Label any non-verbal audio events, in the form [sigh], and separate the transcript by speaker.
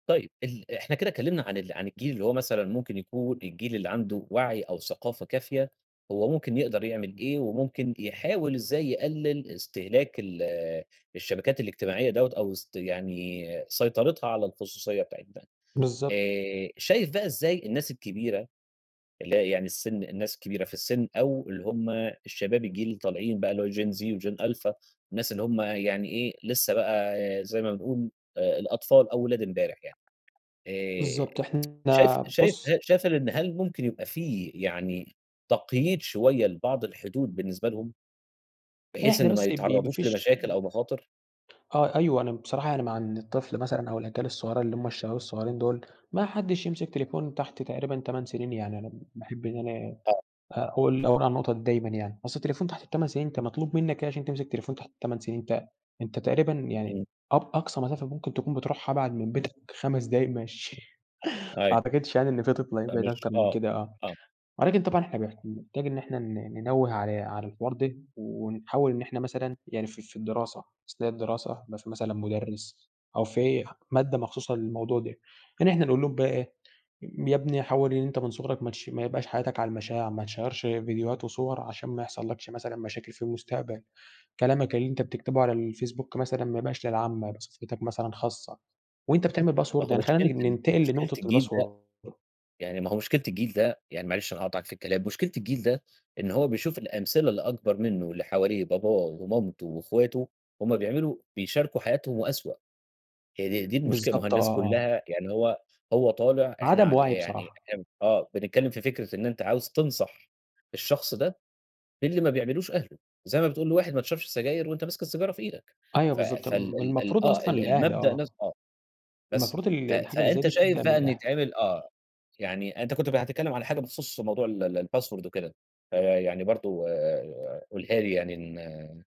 Speaker 1: طيب ال إحنا كده كلمنا عن الجيل اللي هو مثلًا ممكن يكون الجيل اللي عنده وعي أو ثقافة كافية، هو ممكن يقدر يعمل إيه وممكن يحاول إزاي يقلل استهلاك ال الشبكات الاجتماعية دَوّة أو سط يعني سيطرتها على الخصوصية بتاعة ده.
Speaker 2: بالضبط.
Speaker 1: آآ، شايف بقى إزاي الناس الكبيرة، اللي هي يعني السن الناس كبيرة في السن أو اللي هم الشباب الجيل اللي طالعين بقى اللي هو gen Z، وgen alpha، الناس اللي هم يعني إيه، لسه بقى زي ما بنقول آآ، الأطفال أو ولاد إمبارح يعني. آآ،
Speaker 2: بالضبط إحنا
Speaker 1: [tsk] شايف شايف
Speaker 2: بُص
Speaker 1: شايف إن هل ممكن يبقى في يعني تقييد شوية لبعض الحدود بالنسبة لهم؟
Speaker 2: لأ،
Speaker 1: بحيث
Speaker 2: إحنا
Speaker 1: إن ما
Speaker 2: بس ب ب
Speaker 1: يتعرضوش
Speaker 2: مفيش
Speaker 1: لمشاكل أو مخاطر.
Speaker 2: آه أيوه، أنا بصراحة يعني مع إن الطفل مثلًا أو الأجيال الصغيرة اللي هم الشباب الصغيرين دول، ما حدش يمسك تليفون تحت تقريبًا 8 سنين، يعني أنا باحب إن أنا
Speaker 1: آه.
Speaker 2: أقول أقول على النقطة دي دايمًا يعني. أصل التليفون تحت ال8 سنين أنت مطلوب منك إيه عشان تمسك التليفون تحت ال8 سنين؟ ت أنت تقريبًا يعني
Speaker 1: امم.
Speaker 2: أب أقصى مسافة ممكن تكون بتروحها أبعد من بيتك 5 دقايق مشي [chuckles] ما
Speaker 1: أيوه.
Speaker 2: أعتقدش يعني إن في طفل هيبعد
Speaker 1: فمش
Speaker 2: أكتر من
Speaker 1: آه،
Speaker 2: كده، آه.
Speaker 1: آه.
Speaker 2: ولكن طبعًا إحنا بنح بنحتاج إن إحنا ن ننوِّه على على الحوار ده، ونحاول إن إحنا مثلًا يعني في في الدراسة. أثناء الدراسة بيبقي فيه مثلًا مدرّس، أو في مادة مخصوصة للموضوع ده. يعني إحنا نقول لهم بقى إيه، يا ابني حاول إن أنت من صغرك ماتشي ما يبقاش حياتك على المشاع، ما تشيَّرش فيديوهات وصور عشان ما يحصلكش مثلًا مشاكل في المستقبل. كلامك اللي أنت بتكتبه على الفيسبوك مثلًا ما يبقاش للعامة، يبقي صفحتك مثلًا خاصة. وأنت بتعمل
Speaker 1: ما
Speaker 2: باسورد
Speaker 1: هو
Speaker 2: يعني خلِّينا
Speaker 1: مشكلة
Speaker 2: نن
Speaker 1: ال
Speaker 2: ننتقل
Speaker 1: مشكلة
Speaker 2: لنقطة
Speaker 1: الجيل ده
Speaker 2: الباسورد.
Speaker 1: يعني ما هو مشكلة الجيل ده، يعني معلش أنا هاقاطعك في الكلام، مشكلة الجيل ده، إن هو بيشوف الأمثلة اللي أكبر منه واللي حواليه باباه، ومامته واخواته همّ بيعملوا بيشاركوا حياتهم وأسوأ. هي د دي المشكلة، ما هو
Speaker 2: بالضبط آه،
Speaker 1: الناس
Speaker 2: آه.
Speaker 1: كلها يعني هو هو طالع إحنا
Speaker 2: عدم
Speaker 1: ع
Speaker 2: وعي
Speaker 1: يعني
Speaker 2: بصراحة.
Speaker 1: إحنا آه، بنتكلم في فكرة إن أنت عاوز تنصح الشخص ده باللي ما بيعملوش أهله. زي ما بتقول لواحد ما تشربش سجاير وأنت ماسك السيجارة في إيدك.
Speaker 2: أيوه
Speaker 1: ف
Speaker 2: بالضبط
Speaker 1: فال
Speaker 2: الم
Speaker 1: ال ال
Speaker 2: المفروض
Speaker 1: آه،
Speaker 2: أصلًا
Speaker 1: ال
Speaker 2: الأهل
Speaker 1: المبدأ
Speaker 2: آه.
Speaker 1: نفس آه. بس
Speaker 2: المفروض ال
Speaker 1: ف
Speaker 2: الحاجة اللي زي
Speaker 1: فأنت
Speaker 2: دي
Speaker 1: شايف
Speaker 2: تبدأ من
Speaker 1: بقى إن
Speaker 2: الأهل.
Speaker 1: يتعمل آه، يعني أنت كنت ب هتتكلم على حاجة بخصوص موضوع ال ال الباسورد وكده، فيعني برضه قلها لي يعني ن